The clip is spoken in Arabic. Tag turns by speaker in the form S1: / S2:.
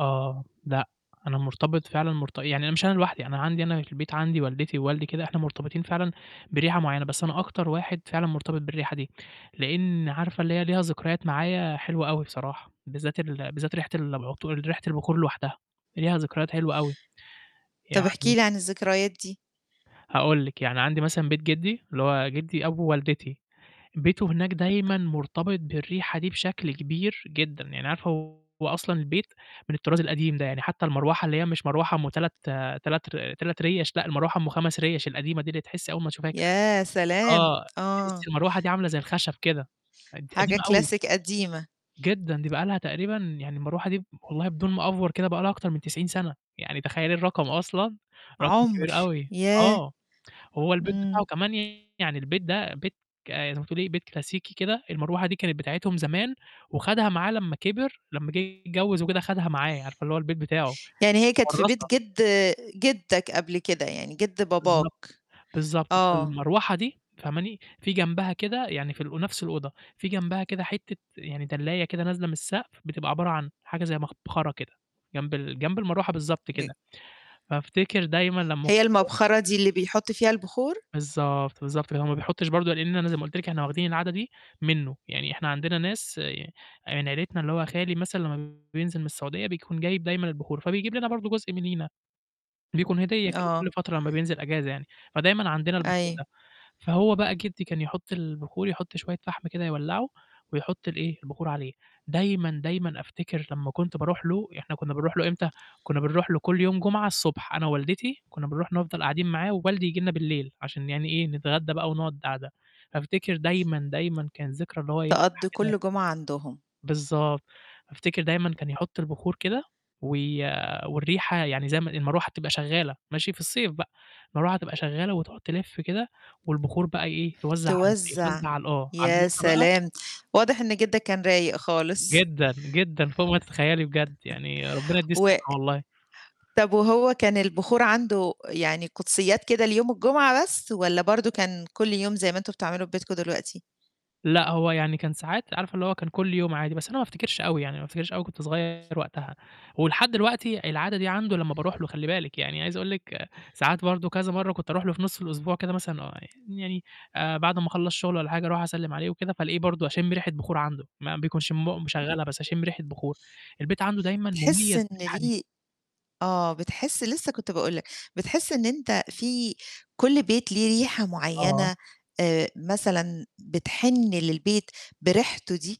S1: آه، لأ، أنا مرتبط فعلًا مرت يعني أنا مش أنا لوحدي، أنا عندي أنا في البيت عندي والدتي ووالدي كده إحنا مرتبطين فعلًا بريحة معيّنة، بس أنا أكتر واحد فعلًا مرتبط بالريحة دي، لإن عارفة اللي هي ليها ذكريات معايا حلوة أوي بصراحة، بالذّات ال بالذّات ريحة ال العطور ريحة البخور لوحدها ليها ذكريات حلوة أوي،
S2: طَب احكِ
S1: يعني
S2: لي عن الذكريات دي؟
S1: هاقول لِك، يعني عندي مثلًا بيت جدّي اللي هو جدّي أبو والدتي، بيته هناك دايمًا مرتبط بالريحة دي بشكل كبير جدًا، يعني عارفة هو أصلًا البيت من الطراز القديم ده، يعني حتى المروحة اللي هي مش مروحة أُم 3- 3 ر 3 رِيَش لأ، المروحة أُم 5 رِيَش القديمة دي اللي تحسّي أول ما تشوفيها كده
S2: يا سلام!
S1: آه،
S2: آه.
S1: تحسّي المروحة دي عاملة زي الخشب كده قد
S2: حاجة
S1: قديمة أوي.
S2: كلاسيك قديمة.
S1: جدًا، دي بقى لها تقريبًا يعني المروحة دي ب والله بدون ما أأفور كده بقى لها أكتر من 90 سَنة، يعني تخيّلي الرقم أصلًا، رقم
S2: عُمر،
S1: كبير أوي
S2: ياه!
S1: آه، هو البيت بتاعه
S2: إمم.
S1: كمان يعني البيت ده بيت ك زي ما تقولي بيت كلاسيكي كده، المروحة دي كانت بتاعتهم زمان وخَدها معاه لمّا كبر لمّا جِه يتجوّز وكده خَدها معاه، عارفة اللي هو البيت بتاعه،
S2: يعني هي كانت في بيت
S1: متورّثة.
S2: جد جدّك قبل كده، يعني جد باباك.
S1: بالضبط. بالضبط،
S2: آه.
S1: فالمروحة دي فهماني؟ في جنبها كده يعني في ال ونَفْس الأوضة، في جنبها كده حتّة يعني دلّاية كده نازلة من السقف بتبقى عبارة عن حاجة زي مبخرة كده جنب ال جنب المروحة بالضبط
S2: ج
S1: كده. فافتكر دايمًا لمّا
S2: هي
S1: [unintelligible]
S2: المَبخَرة دي اللي بيحُط فيها البخور؟
S1: بالضبط، بالضبط، فاللي هو ما بيحطّش برضه لإن أنا زي ما قُلت لِك إحنا واخدين العادة دي منّه، يعني إحنا عندنا ناس ي آه، يعني عيلتنا اللي هو خالي مثلًا لمّا بينزل من السعودية بيكون جايب دايمًا البخور فبيجيب لنا برضه جزء مننا، بيكون هدية كده كل
S2: آه.
S1: فترة لمّا بينزل إجازة يعني، فدايمًا عندنا البخور
S2: أي
S1: ده. فهو بقى جدّي كان يحُط البخور يحُط شوية فحم كده يولّعه ويحُط ال إيه، البخور عليه. دايمًا، دايما أفتكر لمّا كنت باروح له، يع إحنا كنّا بنروح له إمتى، كنّا بنروح له كل يوم جمعة الصبح أنا ووالدتي كنّا بنروح نفضل قاعدين معاه ووالدي ييجي لنا بالليل عشان يعني إيه، نتغدّى بقى ونقعُد قاعدة، فأفتكر دايمًا، دايمًا كان ذكرى إن هو إيه
S2: تقضّي
S1: [unintelligible]
S2: كل جمعة عندهم.
S1: بالضبط، أفتكر دايمًا كان يحُط البخور كده وي والريحة يعني زي ما المروح تبقى شغّالة ماشي؟ في الصيف بقى، المروح تبقى شغّالة وتقعُد تلِف كده والبخور بقى إيه، توزع على الب
S2: توزّع،
S1: توزع على ال آه، على [unintelligible]
S2: يا
S1: بقى.
S2: سلام! واضح إن جدّك كان رايق خالص.
S1: جدًا، جدًا، فوق ما تتخيّلي بجد، يعني ربنا يدّيه
S2: و
S1: الصحّة والله.
S2: طَب وهو كان البخور عنده يعني قُدسيّات كده ليوم الجمعة بس والّا برضه كان كل يوم زي ما أنتم بتعملوا في ببيتكم دلوقتي؟
S1: لأ، هو يعني كان ساعات عارفة اللي هو كان كل يوم عادي، بس أنا ما أفتكرش أوي يعني ما أفتكرش أوي كنت صغيّر وقتها ولحد الوقتي العادة دي عنده لمّا باروح له خلّي باِلك، يعني عايز أقول لِك ساعات برضه كذا مرّة كنت أروح له في نُص الأسبوع كده مثلًا ويع يعني آآ، بعد أمّا أخلّص شُغل والّا حاجة أروح أسلّم عليه وكده فألاقيه برضه أشِم ريحة بخور عنده ما بيكنش مو
S2: إمم.
S1: مشغّلها بس أشِم ريحة بخور، البيت عنده دايمّا
S2: تحِس
S1: مُميز
S2: إن
S1: بالريحة دي.
S2: ليه آه، بتحِس لسه كنت باقول لك، بتحِس إن أنت في كل بيت ليه ريحة
S1: آه.
S2: معيّنة آآ، مثلًا بتحِن للبيت بريحته دي؟